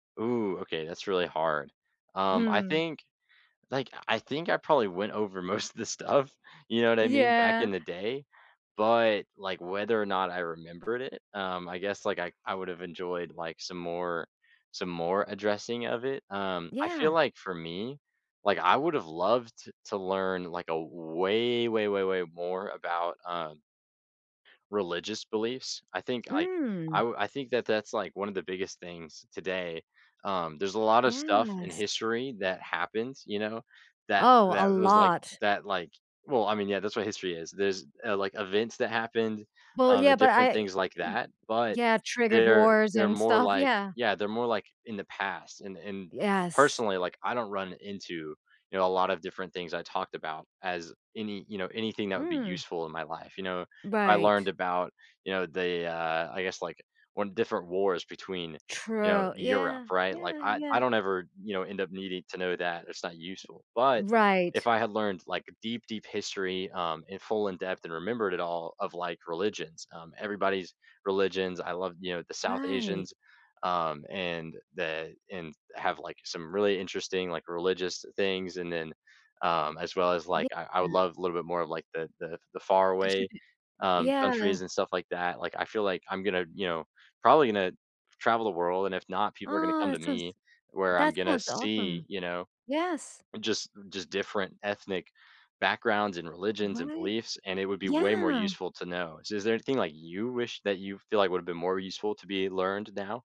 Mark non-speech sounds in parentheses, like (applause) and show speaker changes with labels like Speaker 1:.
Speaker 1: Ooh, okay, that's really hard. Um, I
Speaker 2: Hmm.
Speaker 1: think Like, I think I probably went over most of this stuff, you know what I mean, back
Speaker 2: Yeah.
Speaker 1: in the day, but, like, whether or not I remembered it, um, I guess, like, I I would have enjoyed, like, some more some more addressing of it. Um, I feel
Speaker 2: Yeah.
Speaker 1: like for me, like, I would have loved to to learn, like, a way, way, way, way more about, um religious beliefs, I think, l c I
Speaker 2: Mm.
Speaker 1: w I think that that's, like, one of the biggest things today. Um, there's a lot of stuff in
Speaker 2: Yes.
Speaker 1: history that happens, you know, that
Speaker 2: Oh, a
Speaker 1: that was, like
Speaker 2: lot.
Speaker 1: that, like Well, I mean, yeah, that's what history is. There's, uh, like events that happened,
Speaker 2: Well,
Speaker 1: um,
Speaker 2: yeah,
Speaker 1: and
Speaker 2: but
Speaker 1: different
Speaker 2: I
Speaker 1: things like that, but,
Speaker 2: Yeah, triggered
Speaker 1: they're
Speaker 2: wars
Speaker 1: they're
Speaker 2: and
Speaker 1: more,
Speaker 2: stuff,
Speaker 1: like
Speaker 2: yeah.
Speaker 1: Yeah, they're more, like, in the past, and and
Speaker 2: Yes.
Speaker 1: personally, like, I don't run into, you know, a lot of different things I talked about as any, you know, anything that would be
Speaker 2: Mm.
Speaker 1: useful in my life, you know? I learned
Speaker 2: Right.
Speaker 1: about, you know, the, uh I guess, like, when different wars between, you know,
Speaker 2: True.
Speaker 1: Europe,
Speaker 2: Yeah.
Speaker 1: right? Like,
Speaker 2: Yeah,
Speaker 1: I I
Speaker 2: yeah.
Speaker 1: don't ever, you know, end up needing to know that, it's not useful, but, if
Speaker 2: Right.
Speaker 1: I had learned, like, deep, deep history, um, in full in-depth, and remembered it all, of, like, religions, um, everybody's religions, I love, you know, the South Asians,
Speaker 2: Right.
Speaker 1: um, and the and have, like, some really interesting, like, religious things, and then, um, as well as, like, I I would
Speaker 2: (unintelligible)
Speaker 1: love a little bit more of, like, the the the
Speaker 2: They
Speaker 1: faraway,
Speaker 2: should d Oh,
Speaker 1: um,
Speaker 2: yeah.
Speaker 1: countries, and stuff like that, like, I feel like I'm gonna, you know, probably gonna travel the world, and if not, people are gonna
Speaker 2: Oh,
Speaker 1: come to
Speaker 2: that
Speaker 1: me,
Speaker 2: sounds
Speaker 1: where I'm
Speaker 2: That
Speaker 1: gonna
Speaker 2: sounds
Speaker 1: see,
Speaker 2: awesome.
Speaker 1: you know,
Speaker 2: Yes.
Speaker 1: just just different ethnic backgrounds, and religions, and
Speaker 2: What?
Speaker 1: beliefs, and it would be way more
Speaker 2: Yeah.
Speaker 1: useful to know. So is there anything, like, you wish that you feel like would have been more useful to be learned now?